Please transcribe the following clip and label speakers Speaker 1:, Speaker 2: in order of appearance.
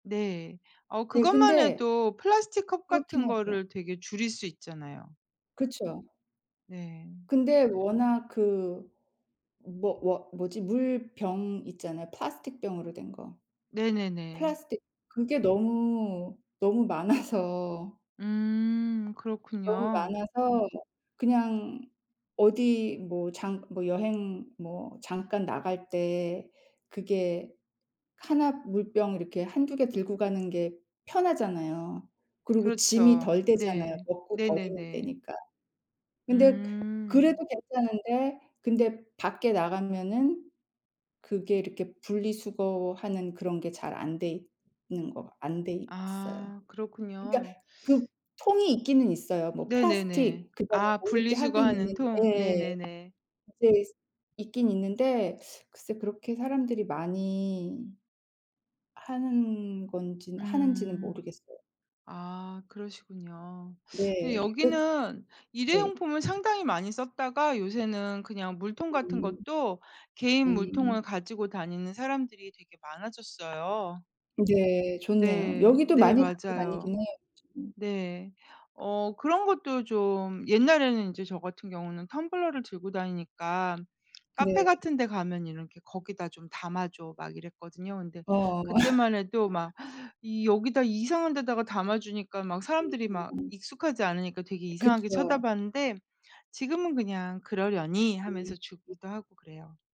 Speaker 1: 네. 어
Speaker 2: 예
Speaker 1: 그것만
Speaker 2: 근데
Speaker 1: 해도 플라스틱 컵
Speaker 2: 그렇긴
Speaker 1: 같은
Speaker 2: 하죠.
Speaker 1: 거를 되게 줄일 수 있잖아요.
Speaker 2: 그쵸.
Speaker 1: 네.
Speaker 2: 근데 워낙 그 뭐 뭐 뭐지 물병 있잖아요. 플라스틱 병으로 된 거.
Speaker 1: 네네네.
Speaker 2: 플라스틱 그게 너무, 너무 많아서
Speaker 1: 음.
Speaker 2: 너무
Speaker 1: 그렇군요.
Speaker 2: 많아서 그냥 어디 뭐 장 뭐 여행 뭐 잠깐 나갈 때 그게 하나 물병 이렇게 한두 개 들고 가는 게 편하잖아요. 그리고 짐이
Speaker 1: 그렇죠.
Speaker 2: 덜 되잖아요.
Speaker 1: 네.
Speaker 2: 먹고 버리면
Speaker 1: 네네네.
Speaker 2: 되니까. 근데 그래도
Speaker 1: 음.
Speaker 2: 괜찮은데 근데 밖에 나가면은 그게 이렇게 분리수거하는 그런 게 잘 안 돼 있는 거 안 돼 있어요.
Speaker 1: 아.
Speaker 2: 그니까
Speaker 1: 그렇군요.
Speaker 2: 그 통이 있기는 있어요. 뭐
Speaker 1: 네네네.
Speaker 2: 플라스틱 그다음에
Speaker 1: 아
Speaker 2: 뭐 이렇게 하긴
Speaker 1: 분리수거하는
Speaker 2: 있는데
Speaker 1: 통.
Speaker 2: 예
Speaker 1: 네네네.
Speaker 2: 이제 있긴 있는데 글쎄 그렇게 사람들이 많이 하는 건지는 하는지는
Speaker 1: 음.
Speaker 2: 모르겠어요.
Speaker 1: 아 그러시군요. 근데
Speaker 2: 네. 그
Speaker 1: 여기는
Speaker 2: 네.
Speaker 1: 일회용품을 상당히 많이 썼다가 요새는 그냥 물통 같은
Speaker 2: 음.
Speaker 1: 것도 개인 물통을
Speaker 2: 음.
Speaker 1: 가지고 다니는 사람들이 되게 많아졌어요.
Speaker 2: 네. 좋네요.
Speaker 1: 네.
Speaker 2: 여기도
Speaker 1: 네
Speaker 2: 많이 갖고
Speaker 1: 맞아요.
Speaker 2: 다니긴 해요. 그쵸. 음.
Speaker 1: 네. 어 그런 것도 좀 옛날에는 이제 저 같은 경우는 텀블러를 들고 다니니까 카페
Speaker 2: 네.
Speaker 1: 같은 데 가면 이렇게 "거기다 좀 담아줘." 막 이랬거든요. 근데
Speaker 2: 어.
Speaker 1: 그때만 해도 막 이 여기다 이상한 데다가 담아주니까 막 사람들이 막
Speaker 2: [unintelligible]
Speaker 1: 익숙하지 않으니까 되게
Speaker 2: 예
Speaker 1: 이상하게
Speaker 2: 그쵸.
Speaker 1: 쳐다봤는데 지금은 그냥 그러려니
Speaker 2: 음
Speaker 1: 하면서
Speaker 2: 음.
Speaker 1: 주기도 하고 그래요.